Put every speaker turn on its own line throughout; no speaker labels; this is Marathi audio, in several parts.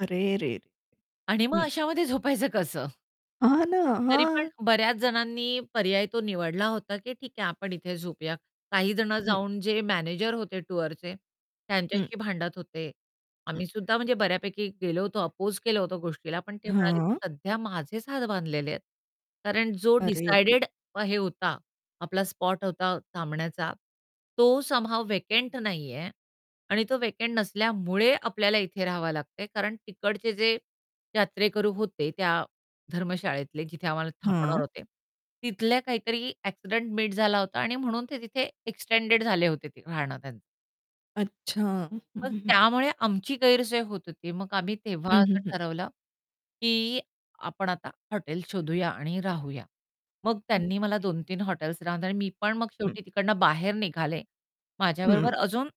अरेरेरे!
आणि मग
हं.
अशामध्ये झोपायचं कसं?
हां ना.
तरी पण
हां.
बऱ्याच जणांनी पर्याय तो निवडला होता, की ठीक आहे आपण इथे झोपूया. काही जण
हं.
जाऊन जे मॅनेजर होते टूअरचे,
हं.
त्यांच्याशी भांडत होते.
हं.
आम्ही सुद्धा म्हणजे बऱ्यापैकी गेलो होतो, अपोज केलं होतो गोष्टीला, पण ते म्हणाले, की
हां.
सध्या माझेच हात बांधलेले आहेत. कारण जो
अरे! [unintelligible]
डिसायडेड हे होता आपला स्पॉट होता थांबण्याचा तो समहाव व्हॅकंट नाही आहे आणि तो व्हॅकंट नसल्यामुळे आपल्याला इथे राहावं लागते. कारण तिकडचे जे यात्रेकरू होते, त्या धर्मशाळेतले जिथे आम्हाला थांबवणार
हं.
होते. तिथल्या काहीतरी एक्सिडेंट मीट झाला होता आणि म्हणून ते तिथे एक्सटेंडेड झाले होते ते राहणं त्यां
अच्छा. हं,
पण
हं, हं.
त्यामुळे आमची गैरसोय होत होती. मग आम्ही तेव्हा
हं, हं,
असं
हं.
ठरवलं, की आपण आता हॉटेल शोधूया आणि राहूया. मग त्यांनी मला
ओके.
2-3 हॉटेल्स [unintelligible] मी पण मग
हं
शेवटी तिकडून बाहेर निघाले.
हं.
माझ्याबरोबर अजून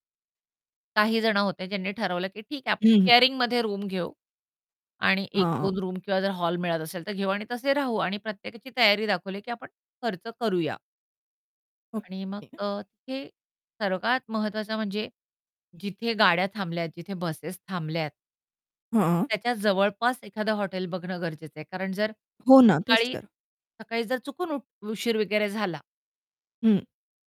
काही जणं होते ज्यांनी ठरवलं, की ठीक आहे आपण
हं, हं.
शेअरिंगमध्ये रूम घेऊ. आणि 1-2
हां.
रूम किंवा जर हॉल मिळत असेल, तर घेऊ आणि तसे राहू आणि प्रत्येकाची तयारी दाखवली, की आपण खर्च करूया. आणि मग
ओके
अ, ते सर्वात महत्वाचं म्हणजे, जिथे गाड्या थांबल्यात जिथे बसेस थांबल्यात.
हं.
त्याच्या जवळपास एखादं हॉटेल बघणं गरजेचं आहे. कारण जर
हो ना. तेच
सकाळी
तर.
सकाळी जर चुकून उठ उशीर वगैरे झाला.
हं.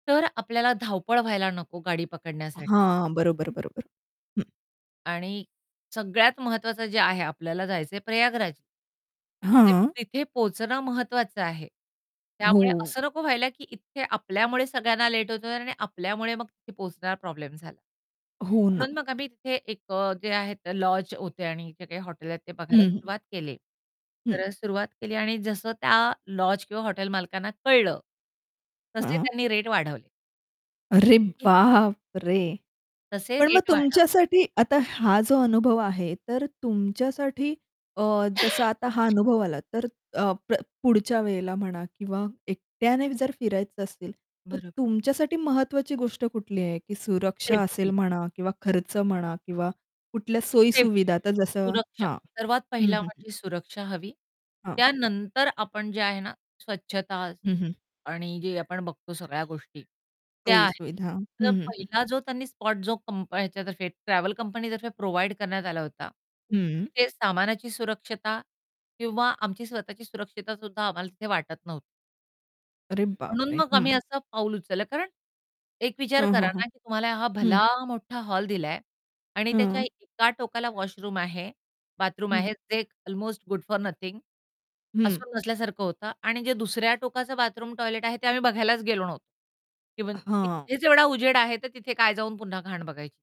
तर आपल्याला धावपळ व्हायला नको गाडी पकडण्यासाठ
हां. बरोबर, बरोबर. हं.
आणि सगळ्यात महत्वाचं जे आहे आपल्याला जायचं आहे प्रयागराज. तर ते
हां.
तिथे पोहोचणं महत्वाचं आहे. त्यामुळे
हो.
असं नको व्हायला, की इथे आपल्यामुळे सगळ्यांना लेट होत आहे आणि आपल्यामुळे मग तिथे पोहोचणारा प्रॉब्लेम झाला.
हो ना.
म्हणून मग आम्ही तिथे एक अ, जे आहे तर लॉज होते आणि इथे काही हॉटेल आहेत ते बघायला
हं, हं.
सुरुवात केली.
हं.
तर सुरुवात केली आणि जसं त्या लॉज किंवा हॉटेल मालकांना कळलं. तसे
हं.
त्यांनी रेट वाढवले.
अरे
हं.
बाप रे!
तसे
पण मग
रेट वाढव
तुमच्यासाठी आता हा जो अनुभव आहे, तर तुमच्यासाठी अ, जसं आता हा अनुभव आला तर अ, प पुढच्या वेळेला म्हणा किंवा एकट्याने जर फिरायचं असेल, तर
बरोब
तुमच्यासाठी महत्वाची गोष्ट कुठली आहे? की सुरक्षा असेल
सेफ्टी.
म्हणा किंवा खर्च म्हणा किंवा कुठल्या
सेफ्टी,
सोयी-सुविधा, तर जसं
सुरक्षा
हां.
सर्वात
हं,
पहिला
हं, हं.
म्हणजे सुरक्षा हवी.
हां.
त्यानंतर आपण जे आहे ना स्वच्छता
हं, हं.
आणि जे आपण बघतो सगळ्या गोष्टी, त्या
सोयी
आहेत.
सुविधा.
तर
हं, हं, हं.
पहिला जो त्यांनी स्पॉट जो कंप ह्याच्यातर्फे ट्रॅव्हल कंपनीतर्फे प्रोव्हाईड करण्यात आला होता.
हं.
तिथे सामानाची सुरक्षता किंवा आमची स्वतःची सुरक्षितता सुद्धा आम्हाला तिथे वाटत नव्ह
अरे
म्हणून
बापरे!
मग
हं.
आम्ही असं पाऊल उचललं. कारण, एक विचार
हं,
करा
हं, हं.
ना, की तुम्हाला हा
हं.
भला मोठा हॉल दिला आहे आणि त्याच्या
हं.
एका टोकाला वॉशरूम आहे, बाथरूम
हं.
आहे जे अल्मोस्ट गुड फॉर नथिंग.
हं
असून नसल्यासारखं होतं आणि जे दुसऱ्या टोकाचं बाथरूम, टॉयलेट आहे ते आम्ही बघायलाच गेलो नव्ह
अ,
इव्हन
हां.
इथेच जेवढा उजेड आहे, तर तिथे काय जाऊन पुन्हा घाण बघायची.